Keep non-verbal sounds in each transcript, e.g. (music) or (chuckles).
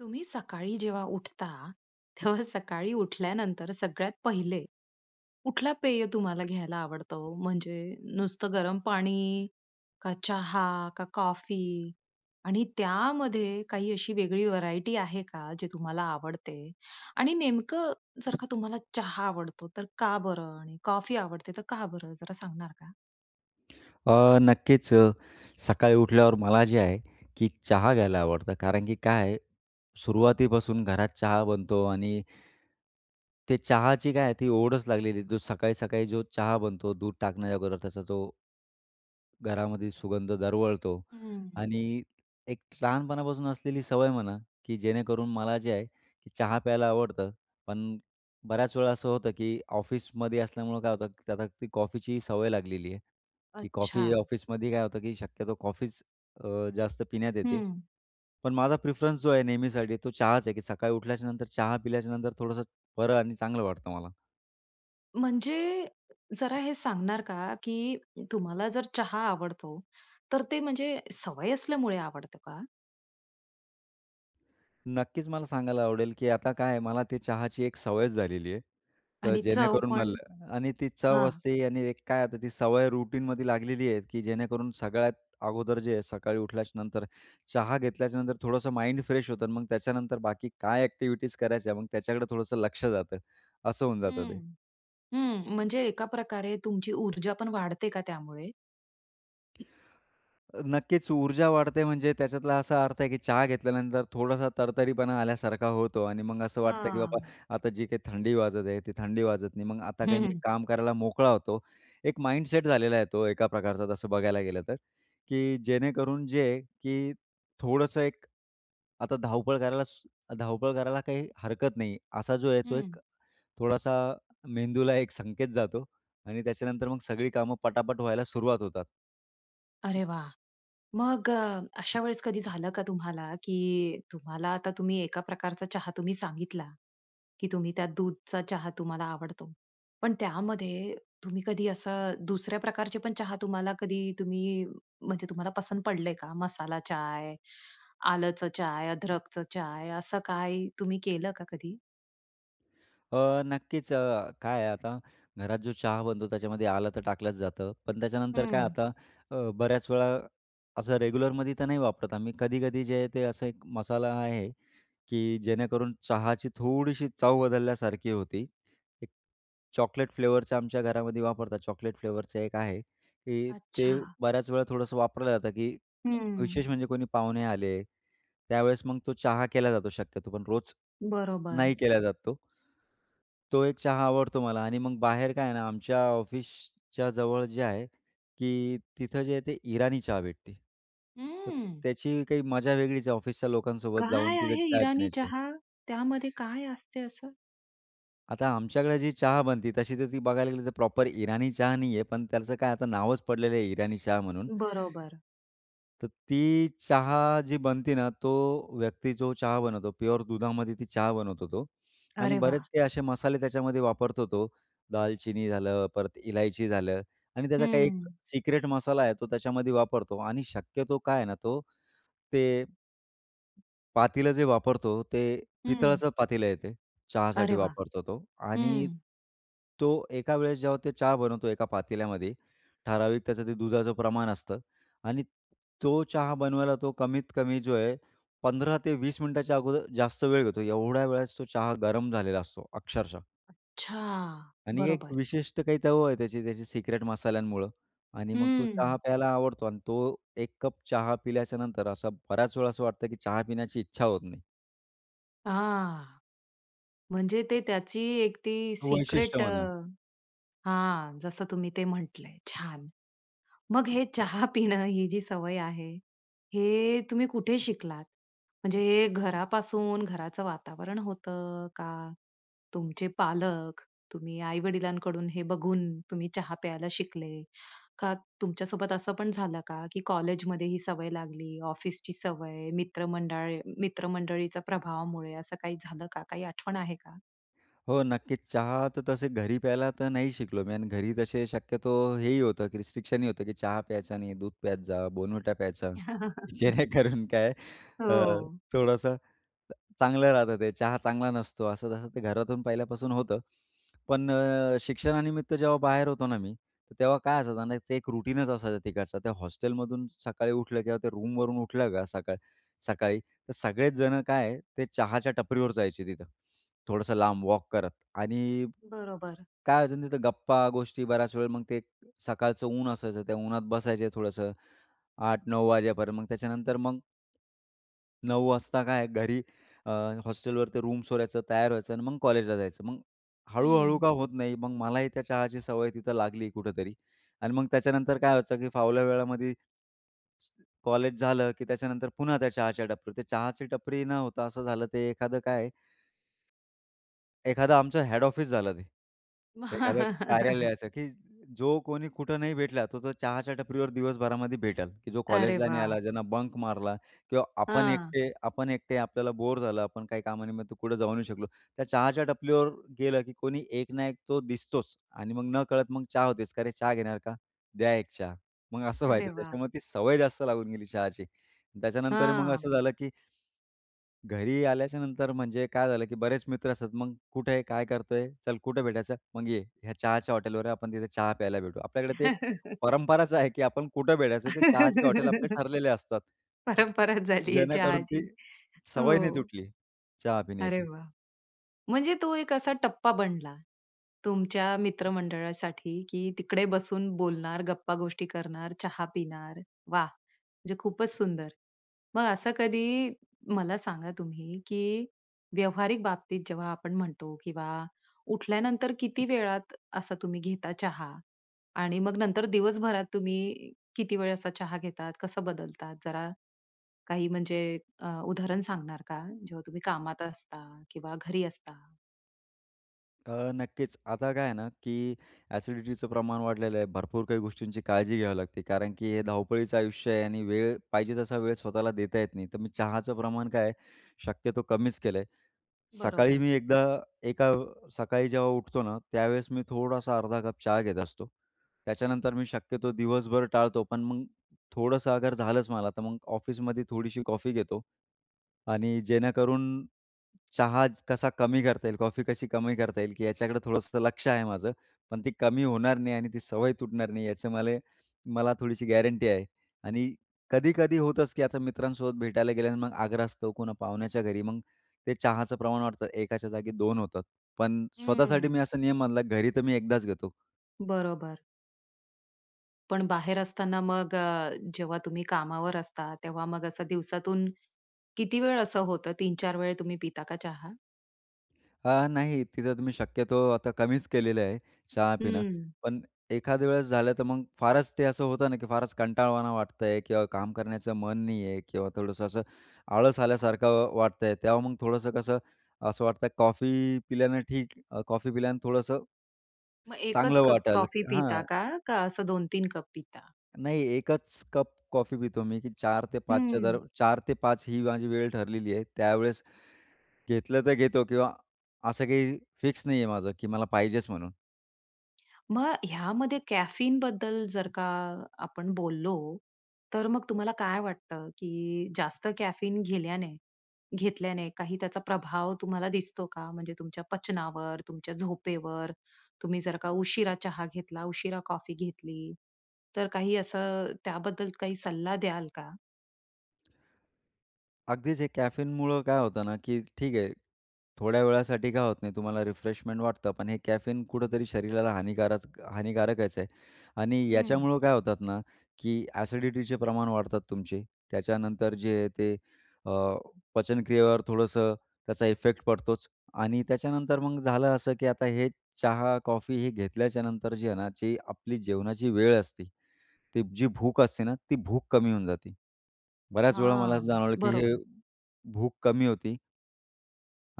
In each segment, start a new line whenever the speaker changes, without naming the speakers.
तुम्ही सकाळी जेव्हा उठता, तेव्हा सकाळी उठल्यानंतर, सगळ्यात पहिले कुठला पेय तुम्हाला घ्यायला आवडतं ओ? म्हणजे नुसतं गरम पाणी? का चहा? का कॉफी? आणि त्यामध्ये काही अशी वेगळी व्हरायटी आहे का, जे तुम्हाला आवडते? आणि नेमकं जर का, तुम्हाला चहा आवडतो तर का बरं? आणि कॉफी आवडते तर, का बरं? जरा सांगणार का?
अ, नक्कीच. सकाळी उठल्यावर मला जे आहे की चहा घ्यायला आवडतं; कारण की काय आहे, सुरुवातीपासून घरात चहा बनतो आणि ते चहाची काय आहे ती ओढच लागलेली आहे. जो सकाळी-सकाळी जो चहा बनतो, दूध टाकण्याच्या अगोदर त्याचा जो घरामध्ये सुगंध दरवळतो.
हम्म.
आणि, एक लहानपणापासून असलेली सवय म्हणा की जेणेकरून मला जे आहे की, चहा प्यायला आवडतं पण बऱ्याच वेळा असं होतं की ऑफिसमध्ये असल्यामुळं काय होतं, त्यात आता ती कॉफीची सवय लागलेली आहे की, कॉफी
अच्छा.
ऑफिसमध्ये काय होतं की, शक्यतो कॉफीच अ, जास्त पिण्यात येते,
हम्म.
पण माझा प्रीफरन्स जो आहे नेहमीसाठी तो चहाच आहे की, सकाळी उठल्याच्या नंतर चहा पिल्याच्या नंतर थोडंसं बरं आणि चांगलं वाटतं मला.
म्हणजे, जरा हे सांगणार का? की तुम्हाला जर चहा आवडतो, तर ते म्हणजे सवय असल्यामुळे आवडतं का?
नक्कीच. मला सांगायला आवडेल की, आता काय मला ते चहाची एक सवयच झालेली आहे, तर
आणि चव
जेणेकरून
पण,
मला आणि ती चव
हां.
असते आणि एक काय आता ती सवय रूटीनमध्ये लागलेली आहे, की जेणेकरून सगळ्यात अगोदर जे आहे, सकाळी उठल्याच्यानंतर, चहा घेतल्याच्यानंतर, थोडंसं माइंड फ्रेश होतं आणि मग त्याच्यानंतर बाकी काय एक्टिविटीज करायच्या? मग त्याच्याकडे थोडंसं लक्ष जातं असं होऊन जातं
हं,
ते.
हं, म्हणजे एका प्रकारे तुमची ऊर्जा पण वाढते का त्यामुळे?
नक्कीच, ऊर्जा वाढते म्हणजे त्याच्यातला असा अर्थ आहे की, चहा घेतल्यानंतर थोडासा तर-तरीपणा आल्यासारखा होतो आणि मग असं वाटतं, की बाबा
हां.
आता जी काही थंडी वाजत आहे, ती थंडी वाजत नाही, मग आता काही
हं,
मी
हं.
काम करायला मोकळा होतो. एक माइंडसेट झालेला आहे. तो एका प्रकारचा तसं बघायला गेलं तर, की जेणेकरून जे की, थोडंसं एक आता धावपळ करायला, स धावपळ करायला काही हरकत नाही. असा जो आहे, तो
हम्म.
एक थोडासा मेंदूला एक संकेत जातो आणि त्याच्यानंतर मग सगळी कामं पटा-पट व्हायला सुरुवात होतात.
अरे वा! मग अ, अशा वेळेस कधी झालं का तुम्हाला की, तुम्हाला आता तुम्ही एका प्रकारचा चहा तुम्ही सांगितला की, तुम्ही त्या दूधचा चहा तुम्हाला आवडतो. पण त्यामध्ये तुम्ही कधी असं दुसऱ्या प्रकारचे पण चहा तुम्हाला कधी तुम्ही म्हणजे तुम्हाला पसंत पडलंय का? मसाला चाय, आलचं चाय, अदरकचं चाय, असं काय तुम्ही केलं का कधी?
अ, नक्कीच अ, काय आहे आता घरात जो चहा बनतो त्याच्यामध्ये आलं तर टाकलंच जातं; पण त्याच्यानंतर काय
हम्म.
आता अ, बऱ्याचवेळा असं रेग्युलरमध्ये तर नाही वापरत आम्ही, कधी-कधी जे आहे, ते असं एक मसाला आहे की, जेणेकरून चहाची थोडीशी चव बदलल्यासारखी होती. एक चॉकलेट फ्लेवरचं आमच्या घरामध्ये वापरतात. चॉकलेट फ्लेवरचं एक आहे की, ते
अच्छा.
बऱ्याच वेळा थोडंसं वापरलं जातं की,
हम्म.
विशेष म्हणजे कोणी पाहुणे आले त्यावेळेस, मग तो चहा केला जातो शक्यतो. पण रोज
बरोबर.
नाही केला जात तो. तो एक चहा आवडतो मला, आणि मग बाहेर काय आहे ना, आमच्या ऑफिसच्या जवळ जे आहे की, तिथं जे आहे, ते इराणी चहा भेटते. तर
हम्म.
त्याची काही मज्जा वेगळीच आहे, ऑफिसच्या लोकांसोबत जाऊन
काय
तिथे
आहे
चाय
इराणी
पिण्याची.
चहा? त्यामध्ये काय असते असं?
आता आमच्याकडे जी चहा बनती, तशी तर ती बघायला गेली तर प्रॉपर इराणी चहा नाहीये; पण त्याचं काय आता नावच पडलेलं आहे इराणी चहा म्हणून
बरोबर.
तर ती चहा जी बनते ना, तो व्यक्ती जो चहा बनवतो प्युअर दुधामध्ये ती चहा बनवतो तो; आणि
अरे वाह!
बरेच काही असे मसाले त्याच्यामध्ये वापरतो तो, दालचिनी झालं, परत इलायची झालं आणि त्याचा काही एक
हं.
सिक्रेट मसाला आहे तो त्याच्यामध्ये वापरतो आणि शक्यतो काय आहे ना तो, ते पातीलं जे वापरतो, ते
हं.
पितळाचं पातीलं आहे ते चहासाठी
अरे वाह!
वापरतो तो. आणि
हं.
तो एका वेळेस जेव्हा ते चहा बनवतो एका पातेल्यामध्ये ठराविक त्याचं ते दुधाचं प्रमाण असतं आणि तो चहा बनवायला तो कमीत कमी जो आहे 15-20 मिनिटाच्या अगोदर जास्त वेळ घेतो, एवढ्या वेळेस तो चहा गरम झालेला असतो, अक्षरशः.
अच्छा!
आणि, एक
बरोबर.
विशिष्ट काही चव आहे त्याची त्याची सिक्रेट मसाल्यांमुळं, आणि मग तो चहा
हं.
प्यायला आवडतो आणि तो 1 कप चहा पिल्याच्यानंतर असं बऱ्याच वेळा असं वाटतं की, चहा पिण्याची इच्छा होत नाही.
हां. म्हणजे ते त्याची एक ती
हो, वैशिष्ट्य
सीक्रेट अ,
म्हणा.
हां, जसं तुम्ही ते म्हटलंय, छान! मग हे (chuckles) चहा पिणं ही जी सवय आहे, हे तुम्ही कुठे शिकलात? म्हणजे हे घरापासून घराचं वातावरण होतं? का तुमचे पालक तुम्ही आई-वडिलांकडून हे बघून तुम्ही चहा प्यायला शिकले? का तुमच्यासोबत असं पण झालं का, की कॉलेजमध्ये ही सवय लागली, ऑफिसची सवय, मित्रमंडळ मित्रमंडळीच्या प्रभावामुळे असं काही झालं का? काही आठवण आहे का?
हो. नक्कीच. चहा तर तसे घरी प्यायला तर नाही शिकलो मी आणि घरी तसे शक्यतो हेही होतं, की रिस्ट्रिक्शनही होतं, की चहा प्यायचा नाही, दूध प्यायच, Bournvita प्यायचा.
(laughs)
जेणेकरून काय अ,
हो.
थोडंसं, चांगलं राहतं ते. चहा चांगला नसतो असं तसं ते घरातून पहिल्यापासून होतं. पण अ, शिक्षणानिमित्त जेव्हा बाहेर होतो ना मी, तेव्हा काय असायचं आणि त्याचं एक रूटीनच असायचं तिकडचं. त्या हॉस्टेलमधून सकाळी उठलं किंवा त्या रूमवरून उठलं का सकाळ सकाळी तर सगळेच जणं काय आहे, ते चहाच्या टपरीवर जायचे तिथं. थोडंसं लांब वॉक करत. आणि,
बरोबर.
काय व्हायचं ना तिथं गप्पा, गोष्टी बऱ्याच वेळेला मग ते सकाळच ऊन असायचं. त्या उन्हात बसायचं थोडंसं, 8-9 वाजेपर्यंत. मग त्याच्यानंतर मग 9 काय घरी अ, हॉस्टेलवरती रूम सोडायचं, तयार व्हायचं आणि मग कॉलेजला जायचं. मग, हळू-हळू
हं.
का होत नाही, मग मलाही त्या चहाची सवय तिथं लागली कुठेतरी. आणि मग त्याच्यानंतर काय व्हायचं, की फावल्या वेळामधी, कॉलेज झालं, की त्याच्यानंतर पुन्हा त्या चहाच्या टपरी, ते चहाची टपरी न होता असं झालं, ते एखादं काय एखादा आमचं हेड ऑफिस झालं ते. एखादं
(laughs)
कार्यालयाचं, की जो कोणी कुठं नाही भेटला तर तो, चहाच्या टपरीवर दिवसभरामध्ये भेटेल, की जो
अरे
कॉलेजला नाही
वाह!
आला, ज्यानं बंक मारला किंवा आपण
हां.
एकटे आपण एकटे आपल्याला बोर झालं, आपण काही काम निमित्त कुठे जाऊ नाही शकलो. त्या चहाच्या टपरीवर गेलं, की कोणी एक ना एक तो दिसतोच. आणि मग नकळत मग चहा होतेच. का, "अरे चहा घेणार का? द्या एक चहा." मग असं
अरे
व्हायचं,
वाह!
त्याच्यामुळे ती सवय जास्त लागून गेली चहाची. त्याच्यानंतर मग
हां.
असं झालं, की घरी आल्याच्यानंतर म्हणजे काय झालं, की बरेच मित्र असतात, मग "कुठे आहे, काय करतोय? चल कुठे भेटायचं? मग ये, या चहाच्या हॉटेलवर ये, आपण तिथे चहा प्यायला भेटू." आपल्याकडे ते एक
(laughs)
परंपराच आहे, की आपण कुठे भेटायचं ते चहाचे हॉटेल आपले
(laughs)
ठरलेले असतात.
परंपराच झाली आहे
जेणेकरून ती,
चहाची.
सवय नाही
हो.
तुटली, चहा
अरे
पिण्याची.
वाह! म्हणजे तो एक असा टप्पा बनला तुमच्या मित्रमंडळासाठी, की तिकडे बसून बोलणार, गप्पा गोष्टी करणार, चहा पिणार. वाह! म्हणजे खूपच सुंदर, मग असं कधी मला सांगा तुम्ही, की व्यावहारिक बाबतीत जेव्हा आपण म्हणतो किंवा उठल्यानंतर किती वेळात असा तुम्ही घेता चहा? आणि मग नंतर दिवसभरात तुम्ही किती वेळ असा चहा घेतात? कसं बदलतात? जरा, काही म्हणजे अ, उदाहरण सांगणार का? जेव्हा तुम्ही कामात असता किंवा घरी असता?
अ, नक्कीच. आता काय आहे ना, की एसिडिटीचं प्रमाण वाढलेलं आहे, भरपूर काही गोष्टींची काळजी घ्यावी लागते, कारण की हे धावपळीचं आयुष्य आहे; आणि वेळ पाहिजे तसा वेळ स्वतःला देता येत नाही. तर मी चहाचं प्रमाण काय आहे, शक्यतो कमीच केलंय. सकाळी
बरोबर.
मी एकदा एका सकाळी जेव्हा उठतो ना त्यावेळेस मी थोडासा अर्धा कप चहा घेत असतो. त्याच्यानंतर मी शक्यतो दिवसभर टाळतो. पण मग थोडंसं अगर झालंच मला, तर मग ऑफिसमध्ये थोडीशी कॉफी घेतो आणि जेणेकरून चहा कसा कमी करता येईल, कॉफी कशी कमी करता येईल की याच्याकडे थोडंसं लक्ष आहे माझं. पण ती कमी होणार नाही आणि ती सवय तुटणार नाही याची मला मला थोडीशी गॅरंटी आहे. आणि कधी-कधी होतंच की आता मित्रांसोबत भेटायला गेल्या अन मग आग्रहास्तव, कोण पाहुण्याच्या घरी, मग ते चहाचं प्रमाण वाढतं. 1 जागी 2 होतात. पण स्वतःसाठी
हम्म.
मी असा नियम बांधला, घरी तर मी 1दाच घेतो.
बरोबर. पण बाहेर असताना मग अ, जेव्हा तुम्ही कामावर असता, तेव्हा मग असं दिवसातून किती वेळ असं होतं 3-4 वेळा तुम्ही पिता का चहा?
अ, नाही, तिथं तुम्ही शक्यतो आता कमीच केलेलं आहे चहा पिणं,
हम्म.
पण एखाद्या वेळेस झालं तर मग फारच ते असं होतं ना, की फारच कंटाळवाणा वाटत आहे किंवा काम करण्याचं मन नाही आहे किंवा थोडंसं असं आळस आल्यासारखं वाटतंय. तेव्हा मग थोडंसं कसं असं वाटतंय, कॉफी पिल्यानं ठीक अ, कॉफी पिल्यानं थोडंसं
मग 1च
चांगलं
कप
वाटायला
कॉफी
लागते
पिता
हां.
का? का असं 2-3 कप पिता?
नाही, 1च कप कॉफी पितो मी की 4-5च्या दर
हम्म.
4-5 ही माझी वेळ ठरलेली आहे. त्यावेळेस घेतलं तर घेतो किंवा असं काही फिक्स नाहीये माझं की मला पाहिजेच म्हणून.
मग ह्यामध्ये कॅफीनबद्दल जर का आपण बोललो, तर मग तुम्हाला काय वाटतं, की जास्त कॅफीन घेल्याने घेतल्याने काही त्याचा प्रभाव तुम्हाला दिसतो का? म्हणजे तुमच्या पचनावर? तुमच्या झोपेवर? तुम्ही जर का उशिरा चहा घेतला, उशिरा कॉफी घेतली, तर काही असं त्याबद्दल काही सल्ला द्याल का?
अगदीच, हे कॅफीनमुळं काय होतं ना, की ठीक आहे थोड्या वेळासाठी काय होत नाही तुम्हाला. रिफ्रेशमेंट वाटतं, पण हे कॅफीन कुठतरी शरीराला हानीकारच हानीकारकच आहे आणि
हम्म.
याच्यामुळं काय होतात ना, की एसिडिटीचे प्रमाण वाढतात तुमचे. त्याच्यानंतर जे ते अ, पचनक्रियेवर थोडंसं त्याचा इफेक्ट पडतोच आणि त्याच्यानंतर मग झालं असं, की आता हे चहा, कॉफी हे घेतल्याच्यानंतर जे आहे ना, ते आपली जेवणाची वेळ असते ती जी भूक असते ना, ती भूक कमी होऊन जाते. बऱ्याच वेळा मला असं
हां,
जाणवलं, की हे
बरोबर.
भूक कमी होती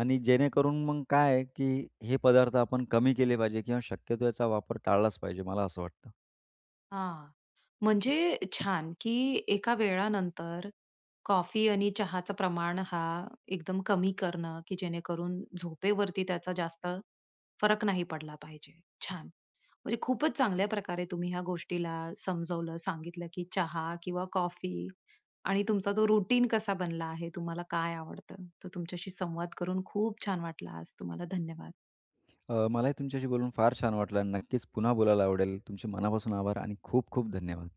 आणि जेणेकरून मग काय आहे, की हे पदार्थ आपण कमी केले पाहिजे किंवा शक्यतो याचा वापर टाळलाच पाहिजे. मला असं वाटतं.
हां, म्हणजे छान! की, एका वेळानंतर कॉफी आणि चहाचं प्रमाण हा एकदम कमी करणं, की जेणेकरून झोपेवरती त्याचा जास्त फरक नाही पडला पाहिजे. छान! म्हणजे खूपच चांगल्या प्रकारे तुम्ही ह्या गोष्टीला समजवलं, सांगितलं की, चहा किंवा कॉफी आणि तुमचा तो रूटीन कसा बनला आहे? तुम्हाला काय आवडतं? तर तुमच्याशी संवाद करून खूप छान वाटला आज. तुम्हाला धन्यवाद.
अ, मला ही तुमच्याशी बोलून फार छान वाटलं आणि नक्कीच पुन्हा बोलायला आवडेल. तुमचे मनापासून आभार आणि खूप-खूप धन्यवाद.